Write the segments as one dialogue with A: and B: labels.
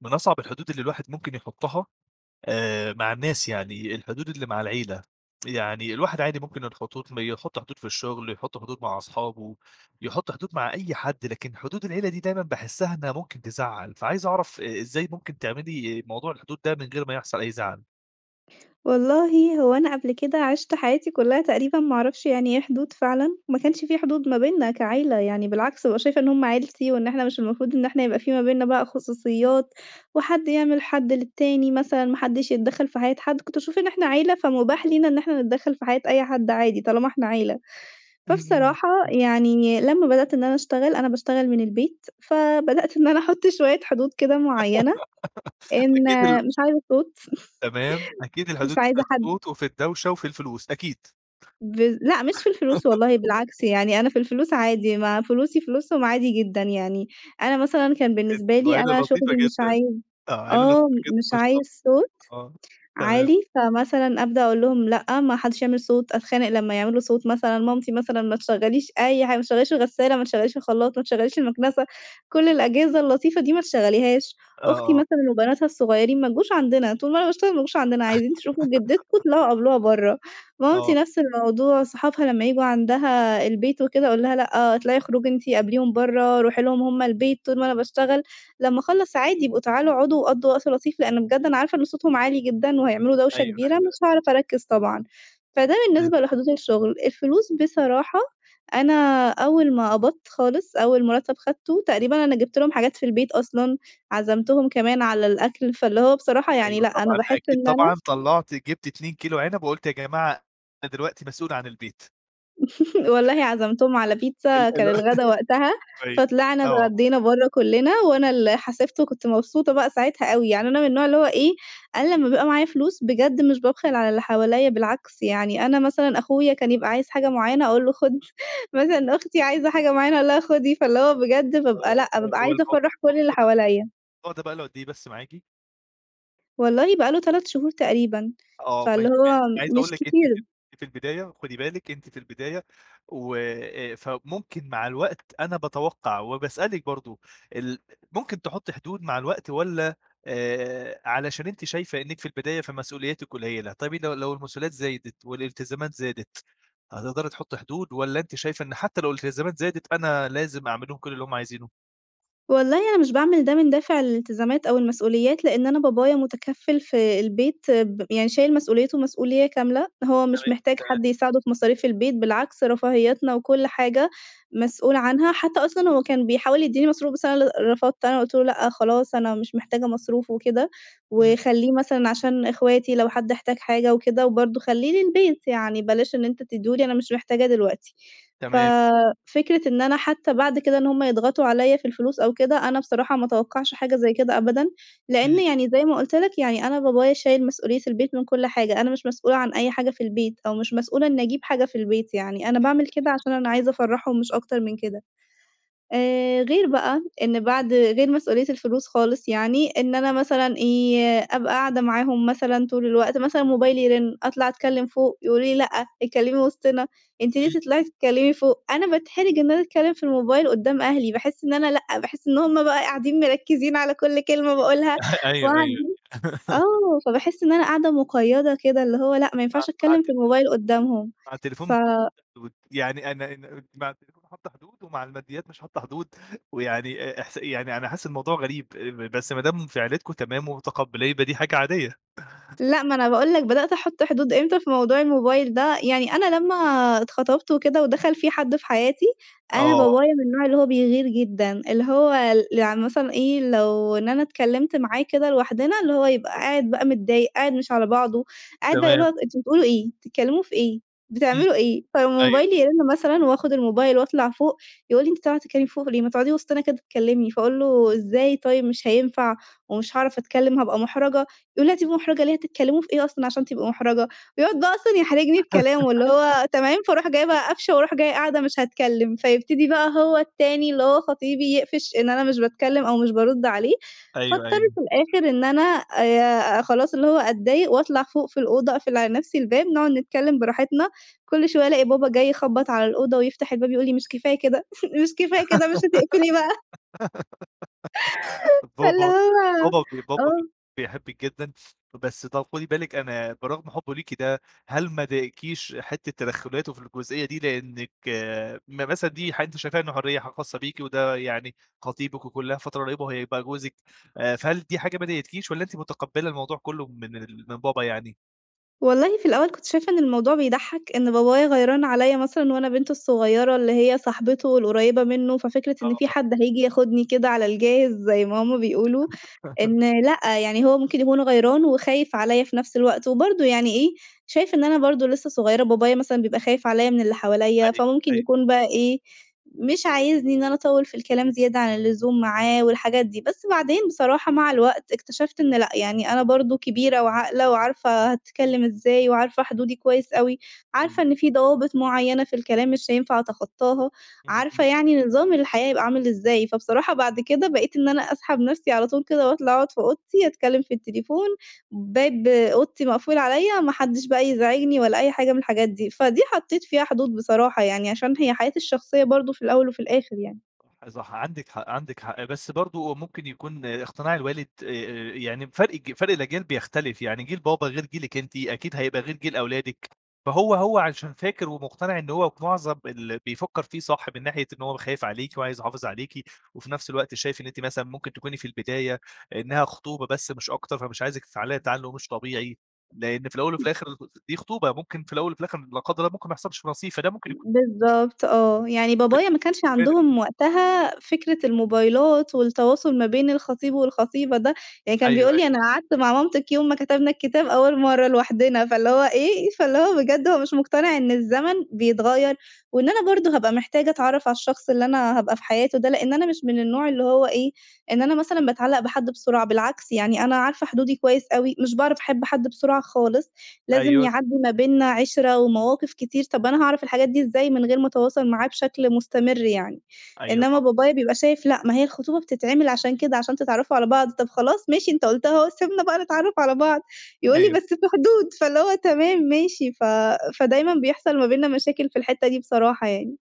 A: من أصعب الحدود اللي الواحد ممكن يحطها، آآ، مع الناس، يعني الحدود اللي مع العيلة. يعني الواحد عادي ممكن الخطوط مي يحط حدود في الشغل، يحط حدود مع أصحابه، يحط حدود مع أي حد، لكن حدود العيلة دي دايمًا باحسها إنها ممكن تزّعل. فعايز أعرف أ إزاي ممكن تعملي موضوع الحدود ده، من غير ما يحصل أي زعل؟
B: والله، هو أنا قبل كده عِشت حياتي كلها تقريبًا، ما أعرفش يعني إيه حدود فعلًا. ما كانش في حدود ما بيننا كعِيلة يعني، بالعكس، بابقى شايفة إن هم عِيلتي، وإن إحنا مش المفروض إن إحنا يبقى في ما بيننا بقى خصوصيات، وحد يعمل حَد للتاني، مثلًا، ما حدش يتدخل في حياة حد. كنت باشوف إن إحنا عِيلة، فمباح لينا إن إحنا نتدخل في حياة أي حد عادي، طالما إحنا عِيلة.
A: اهم.
B: فبصراحة
A: إمم.
B: يعني، لما بدأت إن أنا أشتغل، أنا باشتغل من البيت، فبدأت إن أنا أحط شوية حدود كده معينة، إن
A: أكيد ال
B: مش عايزة صوت،
A: تمام، أكيد
B: مش
A: الحدود دي في
B: عايزة حد
A: الصوت، وفي الدوشة، وفي الفلوس أكيد.
B: بالض لأ، مش في الفلوس، والله، بالعكس يعني، أنا في الفلوس عادي، ما فلوسي فلوسهم عادي جدًا يعني. أنا مثلًا، كان بالنسبة
A: أنتم
B: لي
A: عِيلة
B: أنا
A: لطيفة
B: شغلي، مش
A: جدًا،
B: عايز
A: آه، عِيلة
B: آه،
A: لطيفة جدًا،
B: م مش
A: ما شاء
B: عايز صوت
A: الله، آه، تمام.
B: عالي. فمثلًا أبدأ أقول لهم: "لأ، ما حدش يعمل صوت." أتخانق لما يعملوا صوت، مثلًا. مامتي، مثلًا، ما تشغليش أي حاجة، ما تشغليش الغسالة، ما تشغليش الخلاط، ما تشغليش المكنسة، كل الأجهزة اللطيفة دي ما تشغليهاش.
A: آه،
B: أختي،
A: آه.
B: مثلًا، وبناتها الصغيرين، ما تجوش عندنا، طول ما أنا باشتغل، ما تجوش عندنا. عايزين تشوفوا جدتكم، اطلعوا قابلوها برّا. مامتي
A: آه.
B: نفس الموضوع، صحابها لما ييجوا عندها البيت وكده، أقول لها: "لأ، اطلعي، أُخرجي أنتِ، قابليهم برّا، رُوحي لهم هم البيت. طول ما أنا بأشتغل، لما أخلّص، عادي، إبقوا تعالوا اقعدوا، وقضّوا وقت لطيف." لإن بجد أنا عارفة إن صوتهم عالي جدًا، وهيعملوا دوشة
A: أيوه،
B: كبيرة،
A: أيوه، أيوه.
B: مش هاعرف أركز طبعًا. فده
A: فهمت.
B: بالنسبة لحدود الشغل. الفلوس بصراحة، أنا أول ما قبضت خالص، أول مرتب أخدته، تقريبًا أنا جبت لهم حاجات في البيت أصلًا، عزمتهم كمان على الأكل. فاللي هو، بصراحة يعني،
A: أيوه،
B: لأ، أنا
A: طبعًا.
B: باحس
A: أكيد،
B: إن أنا
A: طبعًا، طَلّعتِ جيبتِ 2 كيلو عنب، وقلتِ يا جماعة، أنا دلوقتي مسؤولة عن البيت.
B: والله
A: تمام.
B: عزمتهم على بيتزا
A: ال اللي
B: كان
A: هو
B: الغدا وقتها،
A: كويس،
B: فطلعنا
A: آه.
B: اتغدّينا برّه كلّنا وأنا اللي حاسبت وكنت مبسوطة بقى ساعتها أوي، يعني أنا من النوع اللي هو إيه، أنا لمّا بابقى معايا فلوس بجد مش بابخل على اللي حواليّا بالعكس، يعني أنا مثلًا أخويا كان يبقى عايز حاجة معيّنة أقول له خد، مثلًا أختي عايزة حاجة معيّنة أقول لها خدي، فاللي هو بجد بابقى لأ
A: آه ه
B: بابقى عايزة
A: هوالموضوع
B: أفرّح كلّ اللي
A: الموضوع ده ب
B: حواليّا.
A: الموضوع ده بقى له قدّ إيه بس معاكِ؟
B: والله بقى له 3 شهور تقريبًا،
A: آه
B: فاللي
A: ماشي، ماشي،
B: هو
A: أنا عايز أقول
B: مش
A: لِك أنتِ في
B: كتير.
A: في البداية، خدي بالك أنتِ في البداية، و فممكن مع الوقت أنا باتوقع وباسألِك برضو، ال ممكن تحطّي حدود مع الوقت والّا، آآ علشان أنتِ شايفة إنِك في البداية فمسؤولياتِك قليّلة، طيب لو لو المسؤوليات زايدت والالتزامات زادت، هتقدري تحطّي حدود والّا أنتِ شايفة إن حتّى لو الالتزامات زادت أنا لازم أعمل لهم كلّ اللي هُم عايزينه؟
B: والله أنا مش باعمل ده من دافع الالتزامات أو المسؤوليات، لإن أنا بابايا متكفّل في البيت ب يعني شايل مسؤوليته مسؤولية كاملة، هو
A: تمام،
B: مش محتاج
A: تمام.
B: حد يساعده في مصاريف البيت بالعكس، رفاهياتنا وكلّ حاجة مسؤول عنها، حتّى أصلًا هو كان بيحاول يدّيني مصروف بس أنا اللي رفضت، أنا قُلت له: "لأ خلاص أنا مش محتاجة مصروف" وكده،
A: إمم.
B: وخلّيه مثلًا عشان إخواتي لو حد احتاج حاجة وكده، وبرضو خلّيه للبيت، يعني بلاش إن أنت تديه لي أنا مش محتاجاه دلوقتي، ف
A: تمام.
B: فكرة إن أنا حتّى بعد كده إن هُم يضغطوا عليّا في الفلوس أو كده، أنا بصراحة ما اتوقعش حاجة زي كده أبدًا، لإن
A: إمم.
B: يعني زي ما قُلت لك يعني أنا بابايا شايل مسؤولية البيت من كلّ حاجة، أنا مش مسؤولة عن أي حاجة في البيت أو مش مسؤولة إني أجيب حاجة في البيت يعني، أنا باعمل
A: [unintelligible]
B: كده عشان أنا عايزة أفرّحهم مش أكتر من كده، آآ غير بقى إن بعد غير مسؤولية الفلوس خالص يعني، إن أنا مثلًا إيه، أبقى قاعدة معاهم مثلًا طول الوقت مثلًا موبايلي يرن، أطلع أتكلّم فوق يقولوا لي لأ اتكلّمي وسطنا، أنتِ ليه
A: إمم.
B: تطلعي تتكلّمي فوق؟ أنا باتحرج إن أنا أتكلّم في الموبايل قدّام أهلي، باحس إن أنا لأ باحس إن هُم بقى قاعدين مركّزين على كلّ كلمة باقولها،
A: أيوه، أيوه.
B: وقاعدين آه فباحس إن أنا قاعدة مقيّدة كده اللي هو لأ،
A: يعني
B: ما
A: مع
B: ينفعش
A: مع
B: أتكلّم
A: ت
B: في
A: [unintelligible]
B: الموبايل قدّامهم
A: مع
B: ف
A: التليفون بتحطّي حدود، يعني أنا أنا مع التليفون حاطّة حدود ومع الماديّات مش حاطّة حدود، ويعني أ إحس يعني أنا حاسس الموضوع غريب، بس ما دام في عيلتكم تمام ومتقبّلاه يبقى دي حاجة عادية.
B: لأ ما أنا باقول لك بدأت أحط حدود إمتى في موضوع الموبايل ده، يعني أنا لمّا اتخطبت وكده ودخل في حد في حياتي، أنا
A: آه.
B: بابايا من النوع اللي هو بيغير جدًا، اللي هو ل يعني مثلًا إيه، لو إن أنا اتكلّمت معاه كده لوحدنا اللي هو يبقى قاعد بقى متضايق قاعد مش على بعضه، قاعد بقى اللي
A: تمام.
B: هو أنتم بتقولوا إيه؟ بتتكلموا في إيه؟
A: إمم،
B: بتعملوا ايه؟ فلمّا
A: أيوه.
B: موبايلي يرن مثلًا وآخد الموبايل وأطلع فوق، يقول لي: "أنتِ طالعة تتكلّمي فوق ليه؟ ما تقعدي وسطنا كده اتكلّمي" فأقول له: "إزاي طيب مش هينفع، ومش هاعرف أتكلّم هابقى محرجة" يقول لي: "هتبقي محرجة ليه هتتكلّموا في إيه أصلًا عشان تبقي محرجة" يقعد بقى أصلًا يحرجني بكلامه اللي هو تمام فاروح جاية بقى قافشة وأروح جاية قاعدة مش هاتكلّم، فيبتدي بقى هو التاني اللي هو خطيبي يقفش إن أنا مش باتكلّم أو مش بارُد عليه،
A: أيوه،
B: فاضطر
A: أيوه.
B: في الآخر إن أنا آآ خلاص اللي هو أتضايق وأطلع فوق في الأوضة أقفل على نفْسي الباب، نقعد نتكلّم براحتنا، كلّ شوية ألاقي بابا جاي يخبط على الأوضة ويفتح الباب يقول لي: "مش كفاية كده، مش كفاية كده مش هتقفلي بقى؟" فاللي
A: بابا
B: هو
A: بابا ب بابا ب
B: آه.
A: بيحبِك جدًا، بس ت خدي بالِك أنا برغم حبه ليكِ ده، هل ما ضايقكيش حتّة تدخلاته في الجزئية دي؟ لإنِك م مثلًا دي حاجة أنتِ شايفاها إن حرية ح خاصّة بيكِ وده يعني خطيبِك، وكلّها فترة قريّبة وهيبقى جوزِك، فهل دي حاجة ما ضايقتكيش، والّا أنتِ متقبّلة الموضوع كلّه من ال من بابا يعني؟
B: والله في الأول كنت شايفة إن الموضوع بيضحّك، إن بابايا غيران عليّا مثلًا وأنا بنته الصغيّرة اللي هي صاحبته القريّبة منه، ففكرة إن في
A: آه.
B: حد هييجي ياخدني كده على الجاهز زي ما هُم بيقولوا، إن لأ يعني هو ممكن يكون غيران وخايف عليّا في نفْس الوقت، وبرضه يعني إيه، شايف إن أنا برضه لسّه صغيرة بابايا مثلًا بيبقى خايف عليّا من اللي حواليّا،
A: أيوه،
B: فممكن
A: أيوه.
B: يكون بقى إيه، مش عايزني إن أنا أطوّل في الكلام زيادة عن اللزوم معاه والحاجات دي، بس بعدين بصراحة مع الوقت اكتشفت إن لأ، يعني أنا برضه كبيرة وعاقلة وعارفة هاتكلّم إزاي وعارفة حدودي كويس
A: إ
B: أوي، عارفة
A: إمم.
B: إن في ضوابط معيّنة في الكلام مش هينفع أتخطّاها،
A: إمم،
B: عارفة
A: إمم.
B: يعني نظام الحياة يبقى عامل إزاي، فبصراحة بعد كده بقيت إن أنا أسحب نفْسي على طول كده وأطلع أقعد في أوضتي اتكلّم في التليفون، باب أوضتي مقفول عليّا ما حدّش بقى يزعجني ولا أي حاجة من الحاجات دي، فدي حطّيت فيها حدود بصراحة يعني عشان هي حياتي الشخصية برضه في الأول وفي الآخر يعني.
A: آآ صح عندِك حق عندِك حق، بس برضه ممكن يكون اقتناع الوالد آآ يعني ب فرق ج فرق الأجيال بيختلف، يعني جيل بابا غير جيلِك أنتِ أكيد هيبقى غير جيل أولادِك، فهو هو عشان فاكر ومقتنع إن هو في معظم اللي بيفكّر فيه صح من ناحية إن هو ب خايف عليكِ وعايز يحافظ عليكِ، وفي نفْس الوقت شايف إن أنتِ مثلًا ممكن تكوني في البداية، إنها خطوبة بس مش أكتر فمش عايزِك تتعلّقي تعلُّق مش طبيعي، لإن في الأول وفي
B: [unintelligible]
A: الآخر د دي خطوبة ممكن في الأول وفي الآخر، لا قدّر الله ممكن ما يحصلش نصيب فدا ممكن يك
B: بالضبط آه، يعني بابايا ما كانش
A: [unintelligible]
B: عندهم وقتها، فكرة الموبايلات والتواصل ما بين الخطيب والخطيبة ده، يعني كان
A: أيوه،
B: بيقول
A: أيوه.
B: لي أنا قعدت مع مامتِك يوم ما كتبنا الكتاب أول مَرّة لوحدنا فاللي هو إيه، فاللي هو بجد هو مش مقتنع إن الزمن بيتغيّر، وإن أنا برضه هابقى محتاجة أتعرف على الشخص اللي أنا هابقى في حياته ده، لإن أنا مش من النوع اللي هو إيه، إن أنا مثلًا باتعلّق بحد بسرعة بالعكس يعني أنا عارفة حدودي كويس أوي، مش باعرف أحب حد بسرعة خالص، لازم
A: أيوه.
B: يعدّي ما بينا عِشرة ومواقف كتير طب أنا هاعرف الحاجات دي إزاي من غير ما اتواصل معاه بشكل مستمر يعني،
A: أيوه
B: إنما
A: طبعًا.
B: بابايا بيبقى شايف لأ ما هي الخطوبة بتتعمل عشان كده عشان تتعرّفوا على بعض، طب خلاص ماشي أنت قُلتها أهو سيبنا بقى نتعرّف على بعض، يقول لي:
A: أيوه.
B: "بس في حدود" فاللي هو تمام ماشي، ف فدايمًا بيحصل ما بينّا مشاكل في الحتّة دي بصراحة يعني.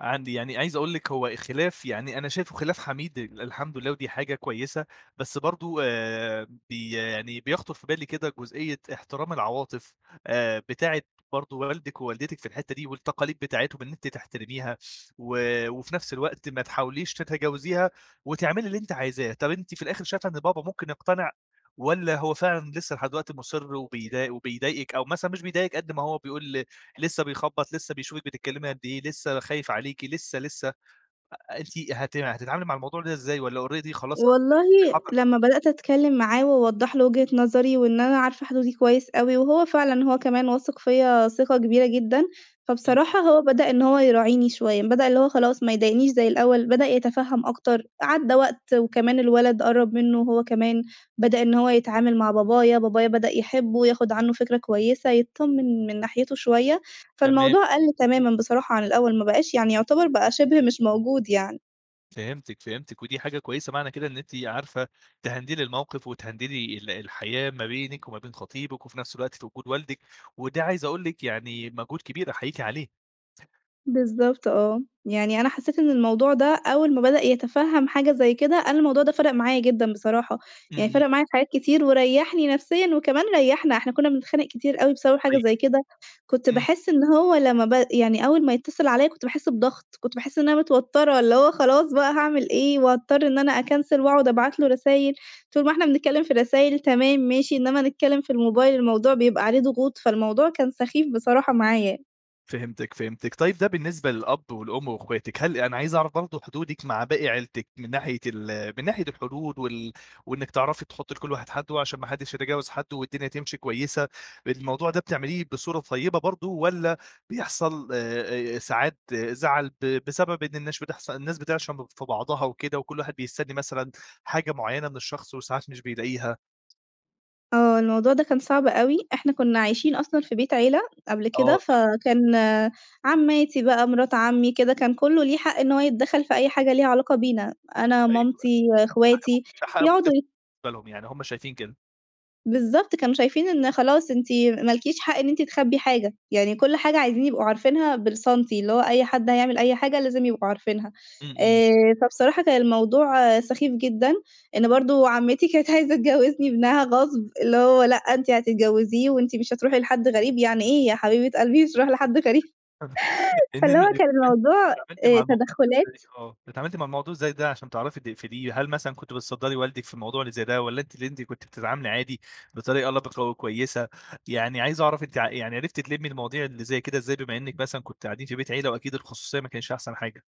A: عندي يعني عايز أقول لِك هو الخلاف يعني أنا شايفه خلاف حميد، الحمد لله ودي حاجة كويسة، بس برضه آآ بي يعني بيخطُر في بالي كده جزئية احترام العواطف، آآ بتاعة برضه والدِك ووالدتِك في الحتّة دي، والتقاليد بتاعتهم إن أنتِ تحترميها، و وفي نفْس الوقت ما تحاوليش تتجاوزيها، وتعملي اللي أنت عايزاه، طب أنتِ في الآخر شايفة إن بابا ممكن يقتنع، والّا هو فعلًا لسّه لحد دلوقتي مُصِر وبيضايق وبيضايقِك، أو مثلًا مش بيضايقِك قد ما هو بيقول لسّه بيخبّط، لسّه بيشوفِك بتتكلّمي قد إيه، لسّه خايف عليكِ لسّه، لسّه، أ أنتِ هت هتتعاملي مع الموضوع ده إزاي؟ والّا already خلاص؟
B: والله
A: [unintelligible]
B: لمّا بدأت أتكلّم معاه واوضّح له وجهة نظري، وإن أنا عارفة حدودي كويس أوي، وهو فعلًا هو كمان واثق فيّا ثقة كبيرة جدًا،
A: إمم.
B: فبصراحة هو بدأ إن هو يراعيني شوية، بدأ اللي هو خلاص ما يضايقنيش زي الأول، بدأ يتفهّم أكتر، عدّى وقت وكمان الولد قرّب منه هو كمان، بدأ إن هو يتعامل مع بابايا، بابايا بدأ يحبه ياخد عنه فكرة كويسة، يتطمّن من ناحيته شوية،
A: تمام.
B: فالموضوع قَل تمامًا بصراحة عن الأول، ما بقاش يعني يعتبر بقى شبه مش موجود يعني.
A: فهمتِك، فهمتِك، ودي حاجة كويسة، معنى كده إن أنتِ عارفة تهندلي الموقف، وتهندلي ال الحياة ما بينِك وما بين خطيبِك، وفي نفْس الوقت في وجود والدِك، وده عايز أقول لِك يعني مهجود كبير أحييكِ عليه.
B: بالضبط آه، يعني أنا حسّيت إن الموضوع ده أول ما بدأ يتفهّم حاجة زي كده، أنا الموضوع ده فرَق معايا جدًا بصراحة،
A: إمم،
B: يعني
A: إمم.
B: فرَق معايا في حاجات كتير وريّحني نفسيًا وكمان ريّحنا إحنا كنا بنتخانق كتير أوي بسبب حاجة
A: طيب
B: زي كده، كنت
A: إمم.
B: باحس إن هو لمّا ب يعني أول ما يتّصل عليّا كنت باحس بضغط، كنت باحس إن أنا متوتّرة، اللي هو خلاص بقى هاعمل إيه، وأضطر إن أنا أكنسل وأقعد أبعت له رسايل، طول ما إحنا بنتكلّم في رسايل، تمام ماشي، إنما نتكلّم في الموبايل الموضوع بيبقى عليه ضغوط، فالموضوع كان سخيف بصراحة معايا.
A: فهمتِك، فهمتِك، طيب ده بالنسبة للأب والأم وأخواتِك، هل أنا عايز أعرف برضه حدودِك مع باقي عيلتِك، من ناحية ال من ناحية الحدود وال وإنِك تعرفي تحطّي لكلّ واحد حدُّه عشان ما حدش يتجاوز حدُّه والدنيا تمشي كويسة، الموضوع ده بتعمليه بصورة طيبة برضه، والّا بيحصل، آآ، ساعات زعل ب بسبب إن الناس بتحص الناس بتعشم ب في بعضها وكده، وكلّ واحد بيستني مثلًا، حاجة معينة من الشخص، وساعات مش بيلاقيها؟
B: آه. الموضوع ده كان صعب أوي. إحنا كُنّا عايشين أصلًا في بيت عيلة قبل
A: آه،
B: كده،
A: تم
B: فكان عمّاتي بقى، مِرات عمّي كده كان كُلّه ليه حق إن هوَ يتدخّل في أي حاجة ليها علاقة بينا. أنا،
A: أيوه. ده
B: مامتي،
A: حق أب
B: أخواتي،
A: ده حق مُكتس
B: يقعدوا ي
A: بالنسبة لهم، يعني هم شايفين كده.
B: بالضبط. كانوا شايفين إن خلاص أنتِ ما لكيش حق إن أنتِ تخبّي حاجة. يعني كل حاجة عايزين يبقوا عارفينها بالسنتي. اللي هو أي حد هيعمل أي حاجة لازم يبقوا عارفينها.
A: إمم، إمم.
B: آآ فبصراحة كان الموضوع سخيف جدًا إن برضه عمّتي كانت عايزة تجوّزني ابنها غصب، اللي هو لأ أنتِ هتتجوّزيه وأنتِ مش هتروحي لحد غريب، يعني إيه يا حبيبة قلبي مش هاروح لحد غريب؟! فاللي هو
A: إنّنا
B: كان
A: [unintelligible]
B: الموضوع
A: اتعاملتِ مع
B: آآ
A: الموضوع ده
B: تدخُّلات.
A: إزاي؟ آه. اتعاملتِ مع الموضوع إزاي ده عشان تعرفي تقفليه، هل مثلًا كنتِ بتصدّري والدِك في الموضوع اللي زي ده والّا أنتِ اللي أنتِ كنتِ بتتعاملي عادي بطريقة لَبِقَة وكويسة؟ يعني عايز أعرف أنتِ ع يعني عرفتِ تلمّي المواضيع اللي زي كده إزاي بما إنِّك مثلًا كنتِ قاعدين في بيت عيلة وأكيد الخصوصية ما كانتش أحسن حاجة؟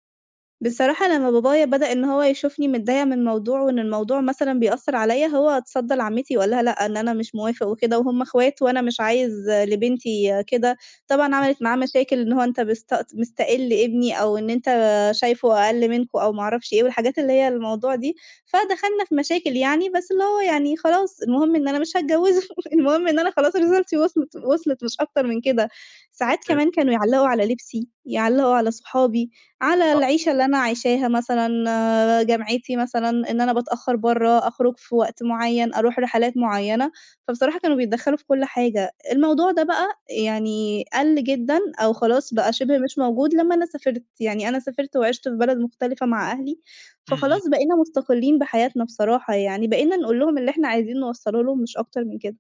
B: بصراحة لمّا بابايا بدأ إن هو يشوفني متضايقة من موضوع وإن الموضوع مثلًا بيأثّر عليّا، هو اتصدّى لعمّتي وقال لها: "لأ،" إن أنا مش موافق وكده وهم أخوات وأنا مش عايز لبنتي كده. طبعًا
A: إمم.
B: عَمَلِت معاه مشاكل، إن هو أنت مست مستَقِل ابني أو إن أنت شايفه أقَل منكم أو ما أعرفش إيه والحاجات اللي هي الموضوع دي. فدخلنا في مشاكل يعني بس اللي هو يعني خلاص المهم إن أنا مش هاتجوّزه، المهم إن أنا خلاص رسالتي وِصلِت وِصلِت مش أكتر من كده. ساعات
A: فهمتِك أيوه.
B: كمان كانوا يعلّقوا على لبسي، يعلّقوا على صحابي، على
A: آه.
B: العيشة اللي أنا عايشاها مثلًا، جامعتي مثلًا، إن أنا باتأخر برّه، أخرج في وقت معيّن، أروح رحلات معيّنة. فبصراحة كانوا بيتدخّلوا في كل حاجة. الموضوع ده بقى يعني قَل جدًا أو خلاص بقى
A: [unintelligible]
B: شِبه مش موجود لمّا أنا سافرت. يعني أنا سافرت وعِشت في بلد مختلفة مع أهلي،
A: إمم، إمم.
B: فخلاص بقينا مُستقلّين بحياتنا بصراحة يعني، بقينا نقول لهم اللي إحنا عايزين نوصّله لهم مش أكتر من كده.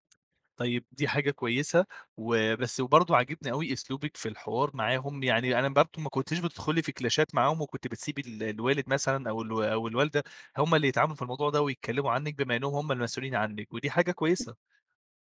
A: طيب، دي حاجة كويسة وبس وبرضه عاجبني أوي أسلوبِك في الحوار معاهم. يعني أنا برضه ما كنيتش بتدخلي في كلاشات معاهم وكنتِ بتسيبي ال الوالد مثلًا أو الو أو الوالدة، هم اللي يتعاملوا في الموضوع ده ويتكلّموا عنِّك بما إنّهم هم المسؤولين عنِّك ودي حاجة كويسة.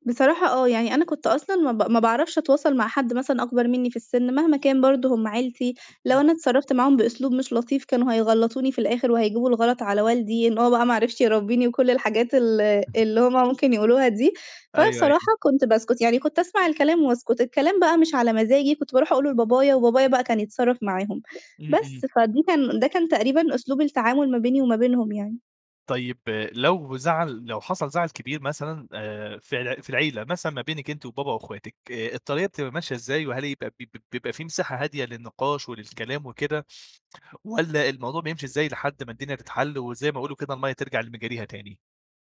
B: بصراحة آه. يعني أنا كنت أصلًا ما ب ما باعرفش أتواصل مع حد مثلًا أكبر منّي في السِن مهما كان برضه هم عيلتي، لو
A: إمم.
B: أنا اتصرّفت معاهم بأسلوب مش لطيف كانوا هيغلّطوني في الآخر وهيجيبوا الغلط على والدي إن هو بقى ما عرفش يربّيني وكل الحاجات ال اللي هم
A: [unintelligible]
B: ممكن يقولوها دي. فأنا
A: أيوه، أيوه.
B: بصراحة كنت باسكت. يعني كنت أسمع الكلام وأسكت. الكلام بقى مش على مزاجي، كنت باروح أقوله لبابايا وبابايا بقى كان يتصرّف معاهم.
A: إمم، إمم.
B: بس، فدي كان ده كان تقريبًا أسلوب التعامل ما بيني وما بينهم يعني.
A: طيب لو زعل لو حصل زعل كبير مثلًا آآ في الع في العيلة، مثلًا ما بينِك أنتِ وبابا واخواتِك، آآ الطريقة بتبقى ماشية إزاي؟ وهل يبقى ب ب بيبقى في مساحة هادية للنقاش وللكلام وكده والّا الموضوع بيمشي إزاي لحد ما الدنيا تتحل، وزي ما يقولوا كده المَيَّة ترجع لمجاريها تاني؟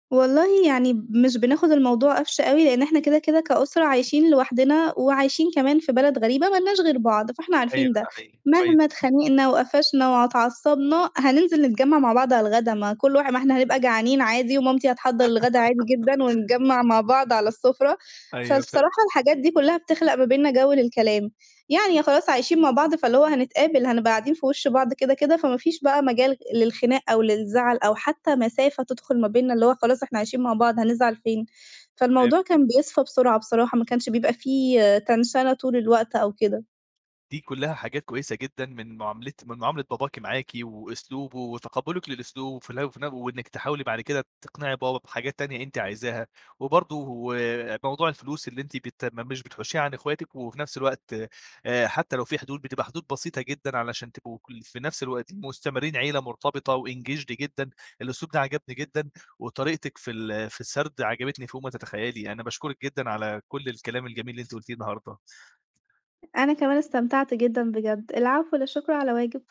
B: والله يعني مش بناخد الموضوع قفش أوي؛ لأن إحنا كده كده كأسرة عايشين لوحدنا وعايشين كمان في بلد غريبة مالناش غير بعض، فإحنا
A: أيوه
B: عارفين ده،
A: صحيح كويس.
B: مهما اتخانقنا وقفشنا وع اتعصبنا، هننزل نتجمع مع بعض على الغدا، ما كل واحد ما إحنا هنبقى جعانين عادي، ومامتي هتحضر الغدا عادي جدًا، ونتجمع مع بعض على السفرة.
A: أيوه فهمتِك.
B: فالصراحة الحاجات دي كلها بتخلق ما بينّا جو للكلام، يعني خلاص عايشين مع بعض فاللي هو هنتقابل، هنبقى قاعدين في وش بعض كده كده، فما فيش بقى مجال للخناق أو للزعل أو حتى مسافة تدخل ما بينّا، اللي هو خلاص إحنا عايشين مع بعض هنزعل فين. فالموضوع
A: فهمتِك.
B: كان بيصفى بسرعة بصراحة، ما كانش بيبقى في تنشنة طول الوقت أو كده.
A: دي كلها حاجات كويسة جدًا من معاملة من معاملة باباكِ معاكِ وأسلوبه وتقبلك للأسلو وفي وفي نف وإنك تحاولي بعد كده تقنعي بابا بحاجات تانية أنتِ عايزاها، وبرضه آآ موضوع الفلوس اللي أنتِ بت ما مش بتحوشيها عن اخواتِك، وفي نفس الوقت آآ حتى لو في حدود بتبقى حدود بسيطة جدًا؛ علشان تبقوا- في نفس الوقت- مستمرين عيلة مرتبطة وEngaged جدًا، الأسلوب ده عجبني جدًا وطريقتِك في ال في السرد عجبتني فوق ما تتخيلي. أنا باشكرِك جدًا على كل الكلام الجميل اللي أنت قلتيه النهارده
B: أنا كمان استمتعت جدًا بجد، العفو لا شكر على واجب